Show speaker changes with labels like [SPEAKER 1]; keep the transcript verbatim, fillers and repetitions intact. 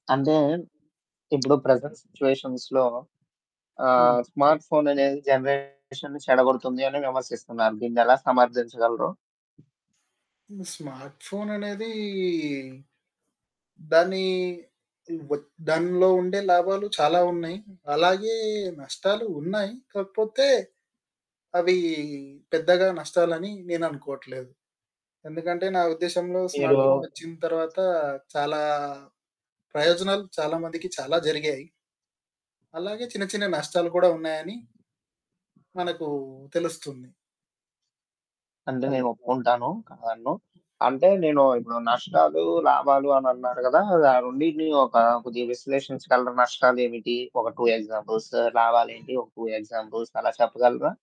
[SPEAKER 1] అంటే ఇప్పుడు ప్రెజెంట్ సిట్యుయేషన్స్‌లో ఆహ్,
[SPEAKER 2] హ్మ్.
[SPEAKER 1] స్మార్ట్ ఫోననేది జనరేషన్‌ని చెడగొడుతుంది అని విమర్శిస్తున్నారు. దీన్నెలా సమర్ధించగలరు?
[SPEAKER 2] హ్మ్. స్మార్ట్ ఫోననేది దాని వచ్ దానిలో ఉండే లాభాలు చాలా ఉన్నాయి, అలాగే నష్టాలు ఉన్నాయి, కాకపోతే అవి పెద్దగా నష్టాలని నేననుకోవట్లేదు. ఎందుకంటే నా ఉద్దేశంలో స్మార్ట్
[SPEAKER 1] మీరు
[SPEAKER 2] ఫోనోచ్చిన తర్వాత చాలా ప్రయోజనాలు చాలా మందికి చాలా జరిగాయి. అలాగే చిన్న చిన్న నష్టాలు కూడా ఉన్నాయని... మనకు తెలుస్తుంది.
[SPEAKER 1] అంటే నేనోప్పుకుంటాను,
[SPEAKER 2] [unintelligible]
[SPEAKER 1] కాదనను. అంటే నేను ఇప్పుడు నష్టాలు, లాభాలు, అని అన్నారు కదా! ఆ రెండిటిని ఒక కొద్దిగా విశ్లేషించ‌గలరా? నష్టాలేమిటి ఒక టూ ఎగ్జాంపుల్స్, లాభాలేంటి ఒక. టూ ఎగ్జాంపుల్స్, అలా చెప్పగలరా?